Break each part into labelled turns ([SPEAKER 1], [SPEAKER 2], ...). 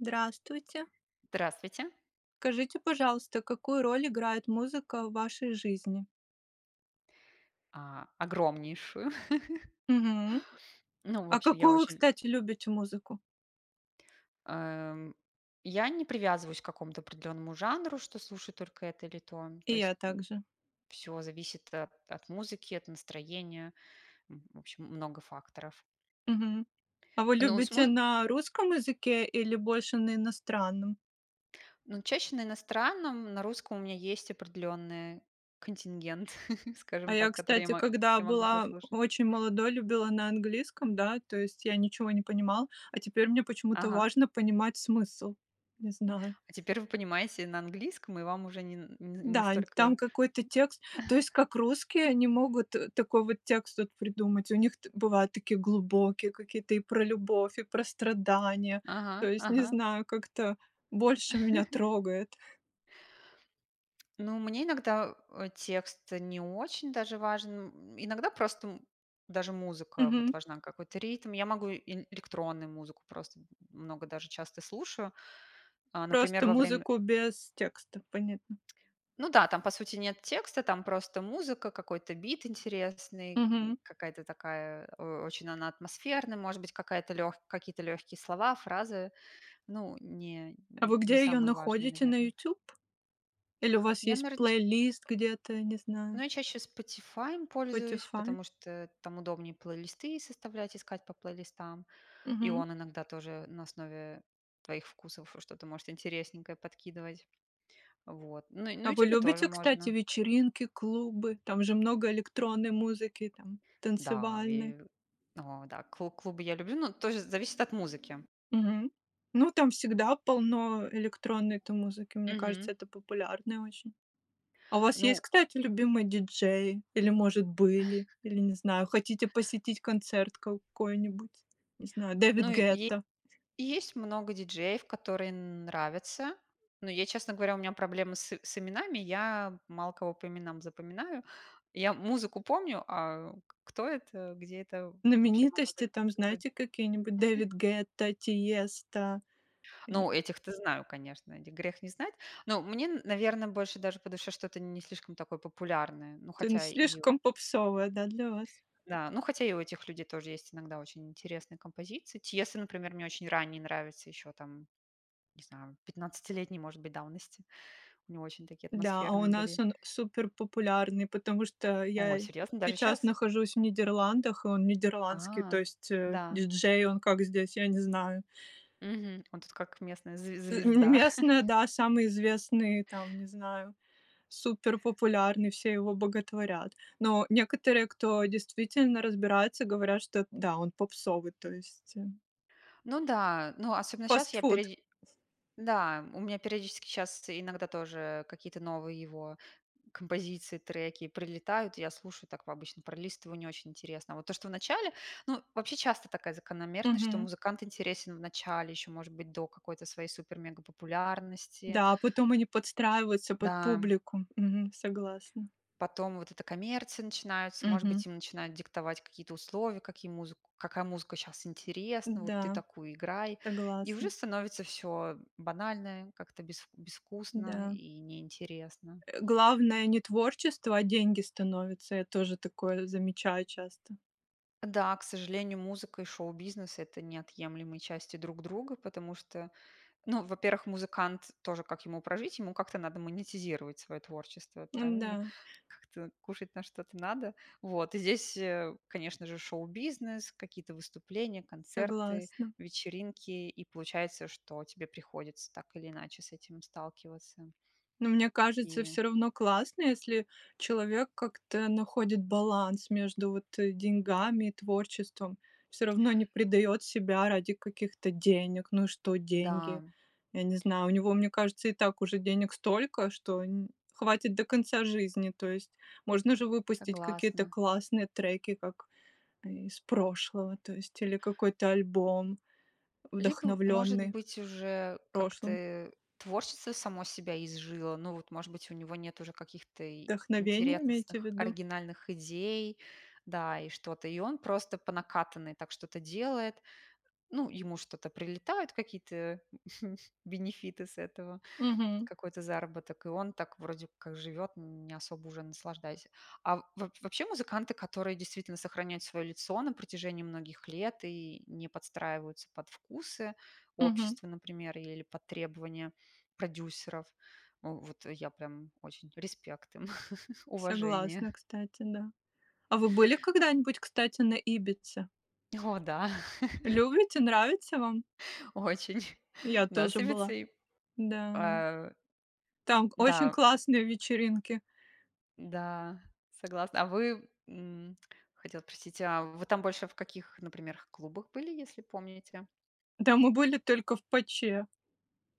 [SPEAKER 1] Здравствуйте!
[SPEAKER 2] Здравствуйте!
[SPEAKER 1] Скажите, пожалуйста, какую роль играет музыка в вашей жизни?
[SPEAKER 2] А, огромнейшую!
[SPEAKER 1] Мгм.
[SPEAKER 2] Ну, в
[SPEAKER 1] А
[SPEAKER 2] общем, я
[SPEAKER 1] какую вы,
[SPEAKER 2] очень
[SPEAKER 1] кстати, любите музыку?
[SPEAKER 2] Эм. Я не привязываюсь к какому-то определенному жанру, что слушаю только это или то. То
[SPEAKER 1] И я
[SPEAKER 2] есть,
[SPEAKER 1] так
[SPEAKER 2] м,
[SPEAKER 1] же.
[SPEAKER 2] всё зависит от от музыки, от настроения, м, в общем, много факторов.
[SPEAKER 1] Мгм. А вы
[SPEAKER 2] Но с
[SPEAKER 1] любите
[SPEAKER 2] муз
[SPEAKER 1] на русском языке или больше на иностранном?
[SPEAKER 2] Ну, чаще на иностранном, на русском у меня есть определенный контингент,
[SPEAKER 1] А
[SPEAKER 2] скажем
[SPEAKER 1] я,
[SPEAKER 2] так, который я
[SPEAKER 1] кстати,
[SPEAKER 2] мо
[SPEAKER 1] когда
[SPEAKER 2] я могу
[SPEAKER 1] была
[SPEAKER 2] послушать.
[SPEAKER 1] очень молодой, любила на английском, да, то есть я ничего не понимал, а теперь мне почему-то
[SPEAKER 2] Ага.
[SPEAKER 1] важно понимать смысл. Не знаю.
[SPEAKER 2] А теперь вы понимаете и на английском, и вам уже нен не не
[SPEAKER 1] Дань,
[SPEAKER 2] столько
[SPEAKER 1] там какой-то текст, то есть как? Русские, они могут такой вот текст вот придумать. У них т бывают такие глубокие какие-то и про любовь, и про страдания. То
[SPEAKER 2] Ага.
[SPEAKER 1] есть не
[SPEAKER 2] Ага.
[SPEAKER 1] знаю, как-то больше меня трогает.
[SPEAKER 2] Ну мне иногда, э, текст не очень даже важен. М, иногда просто, м, даже музыка вот
[SPEAKER 1] Мгм.
[SPEAKER 2] важна, какой-то ритм. Я могу и ин электронную музыку просто, м много даже, часто слушаю. А, например,
[SPEAKER 1] Просто
[SPEAKER 2] во время
[SPEAKER 1] музыку без текста, понятно.
[SPEAKER 2] Ну да, там по сути нет текста, там просто музыка, какой-то бит интересный, н
[SPEAKER 1] Мгм.
[SPEAKER 2] какая-то такая, э, очень она атмосферная, может быть какая-то лёгк какие-то легкие слова, фразы, ну, не
[SPEAKER 1] А вы
[SPEAKER 2] не
[SPEAKER 1] где ее
[SPEAKER 2] самые важные,
[SPEAKER 1] находите, на
[SPEAKER 2] наверно.
[SPEAKER 1] "Ютуб"? Или у вас
[SPEAKER 2] Я,
[SPEAKER 1] есть
[SPEAKER 2] наверно, ч
[SPEAKER 1] плейлист где-то, не
[SPEAKER 2] Ну
[SPEAKER 1] знаю.
[SPEAKER 2] я чаще "Спотифаем" пользуюсь,
[SPEAKER 1] "Спотифай".
[SPEAKER 2] потому что там удобнее плейлисты составлять, искать по плейлистам, и
[SPEAKER 1] Мгм.
[SPEAKER 2] он иногда тоже на основе твоих вкусов что-то может интересненькое подкидывать. Вот. На на
[SPEAKER 1] А вы
[SPEAKER 2] "Ютубе" тоже
[SPEAKER 1] любите, кстати,
[SPEAKER 2] можно.
[SPEAKER 1] вечеринки, клубы? Там же много электронной музыки, там,
[SPEAKER 2] Да,
[SPEAKER 1] танцевальной.
[SPEAKER 2] ве о, да, кл клубы я люблю, но тоже зависит от музыки.
[SPEAKER 1] Мгм. Ну там всегда полно электронной-то музыки. Мне
[SPEAKER 2] Мгм.
[SPEAKER 1] кажется, это популярное очень. А у вас есть,
[SPEAKER 2] Ну
[SPEAKER 1] кстати, любимые диджеи или, может, были? Или, не знаю, хотите посетить концерт какой-нибудь, не знаю, Дэвид
[SPEAKER 2] Ну и е
[SPEAKER 1] Гетта?
[SPEAKER 2] есть много диджеев, которые нравятся. Но я, честно говоря, у меня проблемы с с именами. Я мало кого по именам запоминаю. Я музыку помню, а к кто это, где это, вообще могу за
[SPEAKER 1] Знаменитости там,
[SPEAKER 2] забы
[SPEAKER 1] знаете, какие-нибудь- Дэвид Гетта, Тиеста и
[SPEAKER 2] Ну, этих-то знаю, конечно, этих грех не знать. Ну мне, наверно, больше даже по душе, что-то не слишком такое популярное, ну,
[SPEAKER 1] Тын
[SPEAKER 2] хотя и у
[SPEAKER 1] слишком попсовая, да, для вас?
[SPEAKER 2] Да. Ну, хотя и у этих людей тоже есть иногда очень интересные композиции. Тиесто, например, мне очень ранний нравится, еще там, не знаю, пятнадцатилетней, может быть, давности. У него очень такие
[SPEAKER 1] Да, а у
[SPEAKER 2] атмосферные
[SPEAKER 1] нас
[SPEAKER 2] были
[SPEAKER 1] он суперпопулярный, потому что
[SPEAKER 2] О,
[SPEAKER 1] я
[SPEAKER 2] серьезно? Даже
[SPEAKER 1] сейчас
[SPEAKER 2] щас?
[SPEAKER 1] нахожусь в Нидерландах, и он нидерландский, то
[SPEAKER 2] А,
[SPEAKER 1] есть, э,
[SPEAKER 2] да.
[SPEAKER 1] диджей. Он как здесь, я не знаю.
[SPEAKER 2] Мгм, он тут как местная зв
[SPEAKER 1] Ы М
[SPEAKER 2] звезда.
[SPEAKER 1] местные, да, самые известные, там, не знаю, суперпопулярный, все его боготворят. Но некоторые, кто действительно разбирается, говорят, что да, он попсовый, то есть, э
[SPEAKER 2] Ну да, ну, особенно щас я
[SPEAKER 1] Фастфуд.
[SPEAKER 2] периоди Да, у меня периодически щас иногда тоже какие-то новые его композиции, треки прилетают, я слушаю так по обычно пролистываю, не очень интересно. А вот то, что вначале, ну, вообще часто такая закономерность, что
[SPEAKER 1] Мгм.
[SPEAKER 2] музыкант интересен вначале, еще, может быть, до какой-то своей супермегапопулярности.
[SPEAKER 1] Да, а потом они подстраиваются под
[SPEAKER 2] Да.
[SPEAKER 1] публику. Мгм. Согласна.
[SPEAKER 2] Потом вот эта коммерция начинается. Может
[SPEAKER 1] Мгм.
[SPEAKER 2] быть, им начинают диктовать какие-то условия: какие музыку какая музыка щас интересна, вот ты
[SPEAKER 1] Да,
[SPEAKER 2] такую и играй. И уже
[SPEAKER 1] согласна.
[SPEAKER 2] становится всё банальное, как-то без безвкусно
[SPEAKER 1] Да.
[SPEAKER 2] и неинтересно.
[SPEAKER 1] Э, главное- не творчество, а деньги становятся. Я тоже такое замечаю часто.
[SPEAKER 2] Да, к сожалению, музыка и шоу-бизнес- это неотъемлемые части друг друга, потому что, ну, во-первых, музыкант тоже, как ему прожить? Ему как-то надо монетизировать свое творчество, правильно?
[SPEAKER 1] М-да.
[SPEAKER 2] Как-то кушать на что-то надо. Вот. И здесь, э, конечно же, шоу-бизнес, какие-то выступления, концерты,
[SPEAKER 1] Согласна.
[SPEAKER 2] вечеринки, и получается, что тебе приходится, так или иначе, с этим сталкиваться.
[SPEAKER 1] Но мне кажется,
[SPEAKER 2] И
[SPEAKER 1] всё равно классно, если человек как-то находит баланс между вот деньгами и творчеством. Всё равно не предает себя ради каких-то денег. Ну и что- деньги,
[SPEAKER 2] Да.
[SPEAKER 1] я не знаю. У него, мне кажется, и так уже денег столько, что нь хватит до конца жизни. То есть можно же выпустить какие-то
[SPEAKER 2] Согласна.
[SPEAKER 1] классные треки, как из прошлого, то есть, или какой-то альбом,
[SPEAKER 2] Либо, может
[SPEAKER 1] вдохновленный
[SPEAKER 2] быть, уже как-то,
[SPEAKER 1] прошлым.
[SPEAKER 2] э, творчество само себя изжило. Ну вот, может быть, у него нет уже каких-то и
[SPEAKER 1] Вдохновение имеете в
[SPEAKER 2] интересных,
[SPEAKER 1] виду?
[SPEAKER 2] оригинальных идей, да, и что-то, и он просто по накатанной так что-то делает. Ну, ему что-то прилетает, какие-то бенефиты с этого,
[SPEAKER 1] Мгм.
[SPEAKER 2] какой-то заработок, и он так вроде как живет, не особо уже наслаждаясь. А в вооб вообще музыканты, которые действительно сохраняют свое лицо на протяжении многих лет и не подстраиваются под вкусы
[SPEAKER 1] Мгм.
[SPEAKER 2] общества, например, или под требования продюсеров,- у, вот я прям очень респект им, уважение.
[SPEAKER 1] Согласна, кстати, да. А вы были когда-нибудь, кстати, на Ибице?
[SPEAKER 2] О, да!
[SPEAKER 1] Любите, нравится вам?
[SPEAKER 2] Очень!
[SPEAKER 1] Я
[SPEAKER 2] Да, с
[SPEAKER 1] тоже была.
[SPEAKER 2] Ибицей.
[SPEAKER 1] Да.
[SPEAKER 2] А
[SPEAKER 1] Там к очень
[SPEAKER 2] Да.
[SPEAKER 1] классные вечеринки.
[SPEAKER 2] Да, согласна. А вы? М, хотела спросить, а вы там больше в каких, например, клубах были, если помните?
[SPEAKER 1] Да мы были только в "Паче".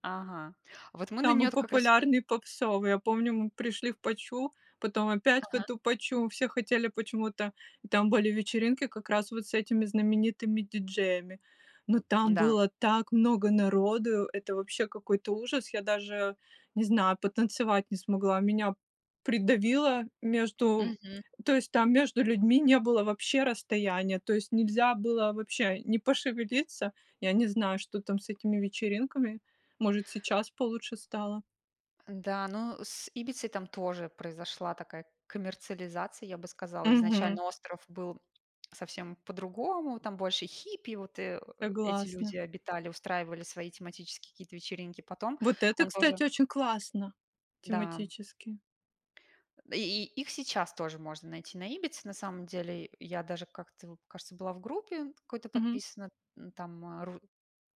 [SPEAKER 2] Ага. Вот мы на
[SPEAKER 1] Самый
[SPEAKER 2] нее-то, как раз от и
[SPEAKER 1] популярный, попсовый. Я помню, мы пришли в "Пачу", потом опять в
[SPEAKER 2] Ага.
[SPEAKER 1] эту "Пачу", все хотели почему-то. Там были вечеринки как раз вот с этими знаменитыми диджеями. Но там
[SPEAKER 2] Да.
[SPEAKER 1] было так много народу, это вообще какой-то ужас. Я даже, не знаю, потанцевать не смогла. Меня придавило между
[SPEAKER 2] Мгм.
[SPEAKER 1] то есть там между людьми не было вообще расстояния, то есть нельзя было вообще ни пошевелиться Я не знаю, что там с этими вечеринками. Может, сейчас получше стало.
[SPEAKER 2] Да, ну, с Ибицей там тоже произошла такая коммерциализация, я бы сказала.
[SPEAKER 1] Мгм.
[SPEAKER 2] Изначально остров был совсем по-другому, там больше хиппи, вот, э, эти
[SPEAKER 1] Согласна.
[SPEAKER 2] люди обитали, устраивали свои тематические какие-то вечеринки. Потом
[SPEAKER 1] Вот это,
[SPEAKER 2] он
[SPEAKER 1] кстати,
[SPEAKER 2] тоже
[SPEAKER 1] очень классно,
[SPEAKER 2] Да.
[SPEAKER 1] тематически.
[SPEAKER 2] И и их сейчас тоже можно найти на Ибице на самом деле. Я даже как-то в кажется, была в группе какой-то
[SPEAKER 1] Мгм.
[SPEAKER 2] подписана, там ру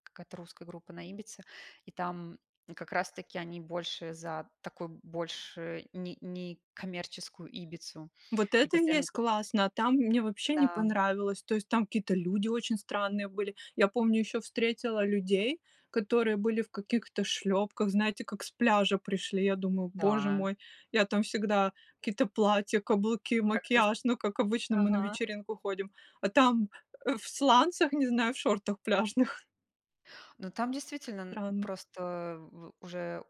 [SPEAKER 2] какая-то русская группа на Ибице, и там как раз таки они больше за такую, больше не некоммерческую Ибицу.
[SPEAKER 1] Вот
[SPEAKER 2] И
[SPEAKER 1] это и
[SPEAKER 2] постоянно
[SPEAKER 1] есть классно, а там мне вообще не
[SPEAKER 2] Да.
[SPEAKER 1] понравилось. То есть там какие-то люди очень странные были. Я помню, еще встретила людей, которые были в каких-то шлепках, знаете, как с пляжа пришли. Я думаю: боже
[SPEAKER 2] Да.
[SPEAKER 1] мой, я там всегда какие-то платья, каблуки,
[SPEAKER 2] Как-то с
[SPEAKER 1] макияж, ну, как обычно мы на
[SPEAKER 2] Ага.
[SPEAKER 1] вечеринку ходим. А там, э, в сланцах, не знаю, в шортах пляжных.
[SPEAKER 2] Ну там, действительно, н
[SPEAKER 1] Странно.
[SPEAKER 2] просто в уже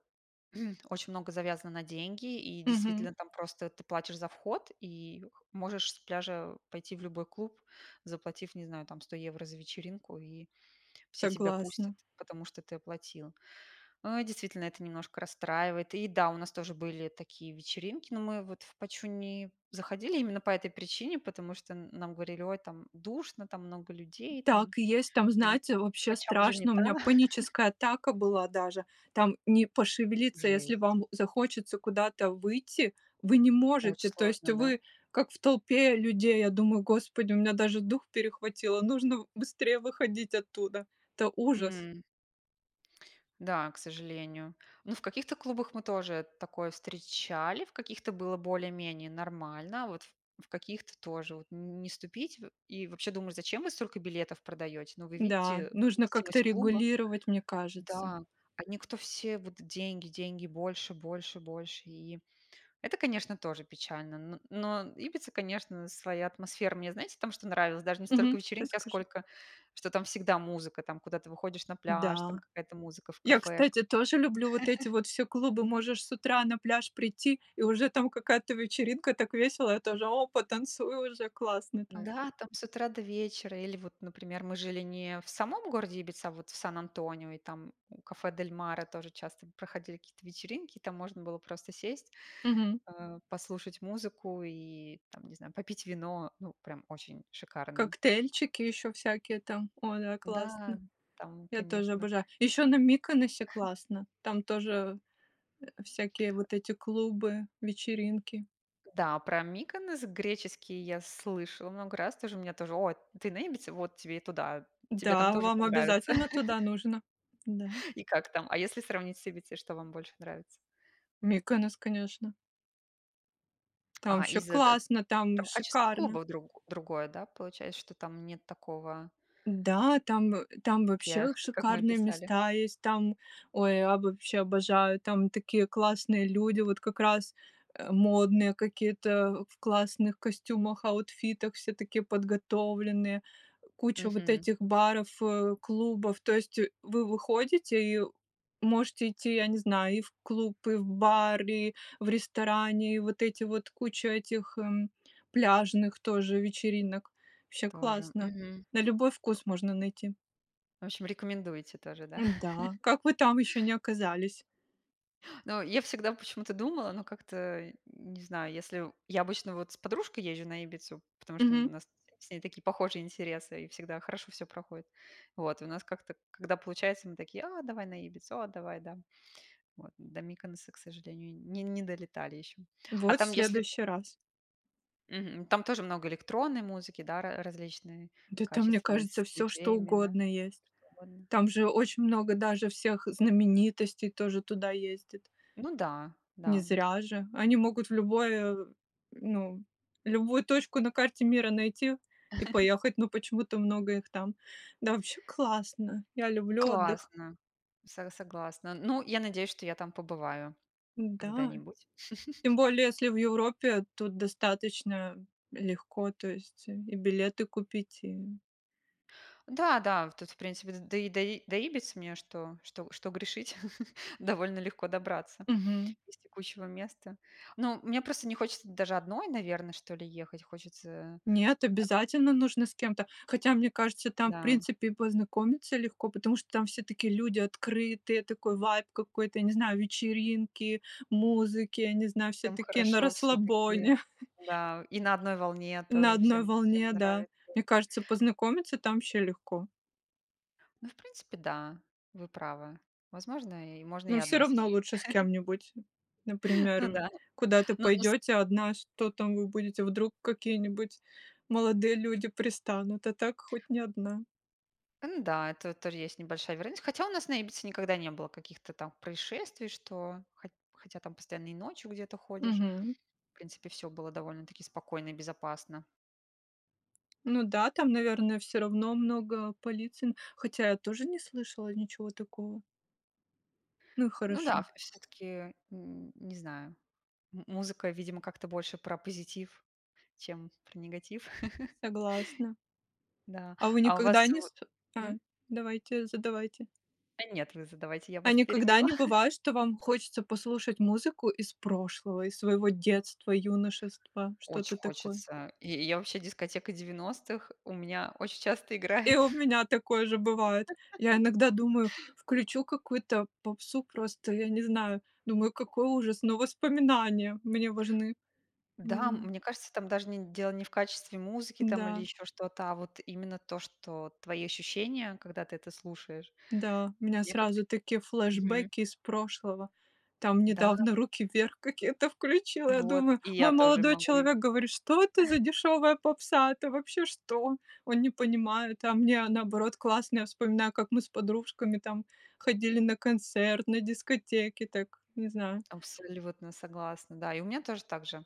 [SPEAKER 2] очень много завязано на деньги, и,
[SPEAKER 1] Мгм.
[SPEAKER 2] действительно, там просто ты платишь за вход, и можешь с пляжа пойти в любой клуб, заплатив, не знаю, там 100 евро за вечеринку, и все тебя пустят,
[SPEAKER 1] Согласна.
[SPEAKER 2] потому что ты оплатил. Э, действительно это немножко расстраивает. И да, у нас тоже были такие вечеринки, но мы вот в "Пачу" не заходили именно по этой причине, потому что н нам говорили: "Ой, там душно, там много людей, там
[SPEAKER 1] Так и есть. Там,
[SPEAKER 2] оди
[SPEAKER 1] знаете, вообще
[SPEAKER 2] "Пача" уже не
[SPEAKER 1] страшно. У
[SPEAKER 2] та".
[SPEAKER 1] меня паническая атака была даже. Там не пошевелиться, если
[SPEAKER 2] Жесть.
[SPEAKER 1] вам захочется куда-то выйти, вы не
[SPEAKER 2] Очень
[SPEAKER 1] можете. То есть
[SPEAKER 2] сложно, да?
[SPEAKER 1] вы как в толпе людей. Я думаю: господи, у меня даже дух перехватило, нужно быстрее выходить оттуда, это ужас!
[SPEAKER 2] М. Да, к сожалению. Ну, в каких-то клубах мы тоже такое встречали, в каких-то было более-менее нормально. Вот в в каких-то тоже вот н не ступить. Во и вообще думаешь: "Зачем вы столько билетов продаете? Ну вы
[SPEAKER 1] Да,
[SPEAKER 2] видите
[SPEAKER 1] нужно как-то
[SPEAKER 2] вместимость клуба".
[SPEAKER 1] регулировать, мне кажется.
[SPEAKER 2] Да. Они- кто все: вот деньги, деньги, больше, больше, больше. И это, конечно, тоже печально. Но но Ибица, конечно, своя атмосфера. Мне, знаете, там что нравилось? Даже не столько
[SPEAKER 1] Мгм.
[SPEAKER 2] вечеринки, а
[SPEAKER 1] Расскажи.
[SPEAKER 2] сколько, что там всегда музыка, там, куда ты выходишь на пляж,
[SPEAKER 1] Да.
[SPEAKER 2] там какая-то музыка в
[SPEAKER 1] Я,
[SPEAKER 2] кафешках.
[SPEAKER 1] кстати, тоже люблю вот эти вот все клубы. Можешь с утра на пляж прийти- и уже там какая-то вечеринка, так весело, я тоже- опа, танцую уже, классно там!
[SPEAKER 2] Да, там с утра до вечера. Или вот, например, мы жили не в самом городе Ибица, а вот в Сан-Антонио, и там у кафе "Дель Мара" тоже часто проходили какие-то вечеринки. Там можно было просто сесть,
[SPEAKER 1] Мгм.
[SPEAKER 2] а, послушать музыку и там, не знаю, попить вино. Ну прям очень шикарно.
[SPEAKER 1] Коктейльчики еще всякие там. Ой, да, классно.
[SPEAKER 2] Да, там,
[SPEAKER 1] Я тоже
[SPEAKER 2] конечно.
[SPEAKER 1] обожаю. Еще на Миконосе классно. Там тоже, э, всякие вот эти клубы, вечеринки.
[SPEAKER 2] Да, про Миконос греческий я слышала много раз. Тоже мне, тоже: "О, ты на Ибице? Вот тебе и туда. Тебе там
[SPEAKER 1] Да,
[SPEAKER 2] тоже
[SPEAKER 1] вам
[SPEAKER 2] понравится".
[SPEAKER 1] обязательно туда нужно. Да.
[SPEAKER 2] И как там? А если сравнить с Ибицей, что вам больше нравится?
[SPEAKER 1] Миконос, конечно. Там
[SPEAKER 2] А, и
[SPEAKER 1] вообще
[SPEAKER 2] за д
[SPEAKER 1] классно, там
[SPEAKER 2] Там качество
[SPEAKER 1] шикарно.
[SPEAKER 2] клубов друг другое, да? Получается, что там нет такого
[SPEAKER 1] Да, там, э, там
[SPEAKER 2] Как я
[SPEAKER 1] вообще
[SPEAKER 2] как мы
[SPEAKER 1] шикарные
[SPEAKER 2] писали.
[SPEAKER 1] места есть, там Ой, я б вообще обожаю, там такие классные люди, вот как раз, э, модные какие-то, в классных костюмах, аутфитах, все такие подготовленные, куча вот
[SPEAKER 2] Мгм.
[SPEAKER 1] этих баров, э, клубов. То есть вы выходите и можете идти, я не знаю, и в клуб, и в бар, и в ресторане, и вот эти вот, куча этих, м, пляжных тоже вечеринок. Вообще
[SPEAKER 2] Тоже,
[SPEAKER 1] классно.
[SPEAKER 2] мгм.
[SPEAKER 1] На любой вкус можно найти.
[SPEAKER 2] В общем, рекомендуете тоже, да?
[SPEAKER 1] Да. Как вы там еще не оказались?
[SPEAKER 2] Ну, я всегда почему-то думала, ну, как-то не знаю. Если я обычно вот с подружкой езжу на Ибицу, потому что у
[SPEAKER 1] Мгм.
[SPEAKER 2] нас с ней такие похожие интересы и всегда хорошо всё проходит. Вот. У нас как-то, когда получается, мы такие: "А, давай на Ибицу!"- "А, давай, да!" Вот. До Миконоса, к сожалению, не не долетали еще. А
[SPEAKER 1] Вот, в
[SPEAKER 2] там если
[SPEAKER 1] следующий раз.
[SPEAKER 2] Мгм. Там тоже много электронной музыки, да, ра различной,
[SPEAKER 1] Да там, мне
[SPEAKER 2] качественной,
[SPEAKER 1] кажется,
[SPEAKER 2] с
[SPEAKER 1] всё что
[SPEAKER 2] диджеями, да?
[SPEAKER 1] угодно есть.
[SPEAKER 2] [unintelligible] Угодно.
[SPEAKER 1] Там же очень много даже всех знаменитостей тоже туда ездит.
[SPEAKER 2] Ну да,
[SPEAKER 1] Не
[SPEAKER 2] да.
[SPEAKER 1] зря же! Они могут в любое ну, любую точку на карте мира найти и поехать, но почему-то много их там. Да вообще классно, я люблю отдых.
[SPEAKER 2] Классно! Со согласна! Ну, я надеюсь, что я там побываю
[SPEAKER 1] Да,
[SPEAKER 2] когда-нибудь.
[SPEAKER 1] тем более, если в Европе, тут достаточно легко, то есть и билеты купить, и
[SPEAKER 2] Да-да, в тут, в принципе, до И до И до Ибицы мне, что что что грешить, довольно легко добраться
[SPEAKER 1] Мгм.
[SPEAKER 2] из текущего места. Ну, мне просто не хочется даже одной, наверно, что ли, ехать. Хочется
[SPEAKER 1] Нет, обязательно нужно с кем-то. Хотя, мне кажется, там, в
[SPEAKER 2] Да.
[SPEAKER 1] принципе, и познакомиться легко, потому что там все такие люди открытые, такой вайб какой-то, не знаю, вечеринки, музыки, не знаю, все
[SPEAKER 2] Всем
[SPEAKER 1] такие на
[SPEAKER 2] хорошо всё-таки.
[SPEAKER 1] расслабоне.
[SPEAKER 2] Да. И на одной волне
[SPEAKER 1] На
[SPEAKER 2] тоже,
[SPEAKER 1] одной
[SPEAKER 2] всем всем
[SPEAKER 1] волне, да.
[SPEAKER 2] нравится.
[SPEAKER 1] Мне кажется, познакомиться там вообще легко.
[SPEAKER 2] Ну, в принципе, да, вы правы. Возможно, и можно и
[SPEAKER 1] Но всё
[SPEAKER 2] одной
[SPEAKER 1] равно
[SPEAKER 2] съездить.
[SPEAKER 1] лучше с кем-нибудь.
[SPEAKER 2] Ну
[SPEAKER 1] Например,
[SPEAKER 2] да.
[SPEAKER 1] куда-то
[SPEAKER 2] Ну ну с
[SPEAKER 1] пойдете одна, что там вы будете, вдруг какие-нибудь молодые люди пристанут, а так хоть не одна.
[SPEAKER 2] Н-да, это тоже есть небольшая вероятность. Хотя у нас на Ибице никогда не было каких-то там происшествий, что хоть хотя там постоянно и ночью где-то ходишь.
[SPEAKER 1] Мгм.
[SPEAKER 2] В принципе, всё было довольно-таки спокойно и безопасно.
[SPEAKER 1] Ну да, там, наверно, всё равно много полиции, н хотя я тоже не слышала ничего такого. Ну и
[SPEAKER 2] Ну да,
[SPEAKER 1] хорошо.
[SPEAKER 2] всё-таки н не знаю, м музыка, видимо, как-то больше про позитив, чем про негатив.
[SPEAKER 1] Согласна.
[SPEAKER 2] Да,
[SPEAKER 1] А вы
[SPEAKER 2] а у
[SPEAKER 1] никогда
[SPEAKER 2] вас
[SPEAKER 1] не
[SPEAKER 2] вот
[SPEAKER 1] ст А,
[SPEAKER 2] Мгм.
[SPEAKER 1] давайте, задавайте.
[SPEAKER 2] Да нет, вы задавайте, я
[SPEAKER 1] А
[SPEAKER 2] вас
[SPEAKER 1] никогда
[SPEAKER 2] перебила.
[SPEAKER 1] не бывает, что вам хочется послушать музыку из прошлого, из своего детства, юношества,
[SPEAKER 2] Очень
[SPEAKER 1] что-то такое?
[SPEAKER 2] хочется! И я вообще дискотека 90-х у меня очень часто
[SPEAKER 1] И
[SPEAKER 2] играет.
[SPEAKER 1] у меня такое же бывает. Я иногда думаю: включу какую-то попсу, просто я не знаю. Думаю: какой ужас! Но воспоминания мне важны.
[SPEAKER 2] Да,
[SPEAKER 1] Мгм.
[SPEAKER 2] мне кажется, там даже не дело не в качестве музыки там, или
[SPEAKER 1] Да.
[SPEAKER 2] ещё что-то, а вот именно то, что твои ощущения, когда ты это слушаешь.
[SPEAKER 1] Да, у меня
[SPEAKER 2] Я как-то
[SPEAKER 1] сразу такие
[SPEAKER 2] Мгм.
[SPEAKER 1] флешбэки из прошлого. Там
[SPEAKER 2] Да.
[SPEAKER 1] недавно "Руки вверх" какие-то включила. Я
[SPEAKER 2] Вот,
[SPEAKER 1] думаю,
[SPEAKER 2] и
[SPEAKER 1] мой
[SPEAKER 2] я тоже
[SPEAKER 1] молодой
[SPEAKER 2] могу и
[SPEAKER 1] человек говорит: "Что это за дешевая попса? Это вообще что?" Он не понимает, а мне, а, наоборот, классно. Я вспоминаю, как мы с подружками там ходили на концерт, на дискотеки так, не знаю.
[SPEAKER 2] Абсолютно согласна. Да, и у меня тоже так же.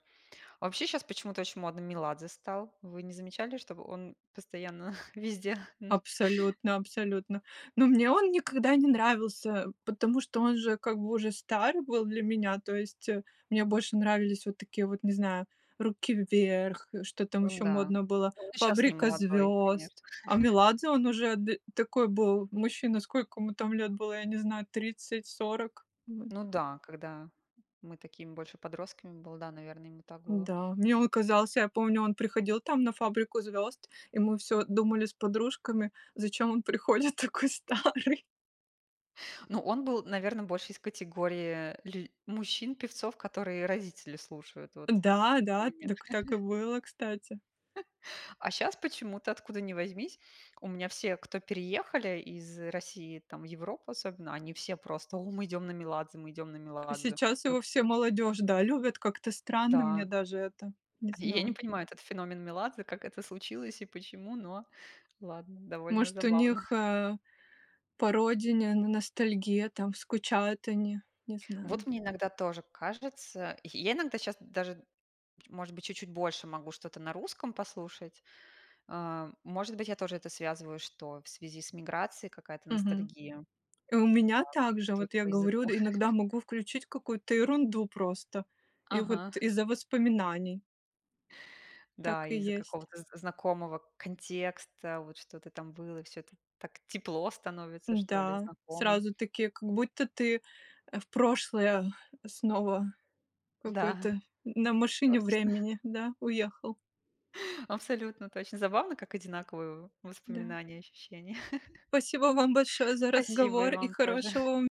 [SPEAKER 2] Вообще щас почему-то очень модно Меладзе стал. Вы не замечали, чтобы он постоянно везде?
[SPEAKER 1] Абсолютно, абсолютно! Но мне он никогда не нравился, потому что он же как бы уже стар был для меня, то есть мне больше нравились вот такие вот, не знаю, "Руки Вверх", что там
[SPEAKER 2] Ну
[SPEAKER 1] еще
[SPEAKER 2] да,
[SPEAKER 1] модно было,
[SPEAKER 2] он и щас не
[SPEAKER 1] "Фабрика
[SPEAKER 2] молодой, конечно.
[SPEAKER 1] звезд". А Меладзе, он уже ды такой был мужчина, сколько ему там лет было, я не знаю, 30-40? Мгм.
[SPEAKER 2] Ну да, когда мы такими больше подростками было, да, наверно, ему так было.
[SPEAKER 1] Да, мне он казался, я помню, он приходил там на "Фабрику звезд", и мы всё думали с подружками: зачем он приходит такой старый?
[SPEAKER 2] Ну он был, наверно, больше из категории лю мужчин-певцов, которые родители слушают вот
[SPEAKER 1] Да,
[SPEAKER 2] у
[SPEAKER 1] да,
[SPEAKER 2] меня.
[SPEAKER 1] дак так и было, кстати.
[SPEAKER 2] А щас почему-то, откуда ни возьмись, у меня все, кто переехали из России там в Европу, особенно, они все просто: "О, мы идем на Меладзе, мы идем на
[SPEAKER 1] А
[SPEAKER 2] Меладзе!"
[SPEAKER 1] сейчас
[SPEAKER 2] Ну
[SPEAKER 1] его вся молодежь, да, любит? Как-то странно мне
[SPEAKER 2] Да.
[SPEAKER 1] даже это, не
[SPEAKER 2] И я не
[SPEAKER 1] знаю.
[SPEAKER 2] понимаю этот феномен Меладзе, как это случилось и почему, но ладно, довольно
[SPEAKER 1] Может, у
[SPEAKER 2] забавно.
[SPEAKER 1] них, э, по родине ностальгия, там скучают они, не
[SPEAKER 2] Вот
[SPEAKER 1] знаю.
[SPEAKER 2] мне иногда тоже кажется. Й я иногда щас даже, может быть, чуть-чуть больше могу что-то на русском послушать. А, может быть, я тоже это связываю, что в связи с миграцией какая-то
[SPEAKER 1] Мгм.
[SPEAKER 2] ностальгия
[SPEAKER 1] И у меня
[SPEAKER 2] по
[SPEAKER 1] так же. Вот
[SPEAKER 2] культуре,
[SPEAKER 1] я
[SPEAKER 2] по
[SPEAKER 1] говорю,
[SPEAKER 2] языку.
[SPEAKER 1] д иногда могу включить какую-то ерунду просто, и вот
[SPEAKER 2] Ага.
[SPEAKER 1] из-за воспоминаний. Так
[SPEAKER 2] Да,
[SPEAKER 1] и
[SPEAKER 2] из-за
[SPEAKER 1] есть.
[SPEAKER 2] какого-то з знакомого контекста, вот что-то там было, всё это так тепло становится, что ли,
[SPEAKER 1] Да,
[SPEAKER 2] знакомо.
[SPEAKER 1] сразу такие, как будто ты, э, в прошлое снова
[SPEAKER 2] Да.
[SPEAKER 1] какой-то на машине
[SPEAKER 2] Точно.
[SPEAKER 1] времени, да, уехал.
[SPEAKER 2] Абсолютно точно! Забавно, как одинаковые в
[SPEAKER 1] Да.
[SPEAKER 2] воспоминания и ощущения.
[SPEAKER 1] Спасибо вам большое за
[SPEAKER 2] Спасибо, и
[SPEAKER 1] разговор. И
[SPEAKER 2] вам тоже!
[SPEAKER 1] хорошего вам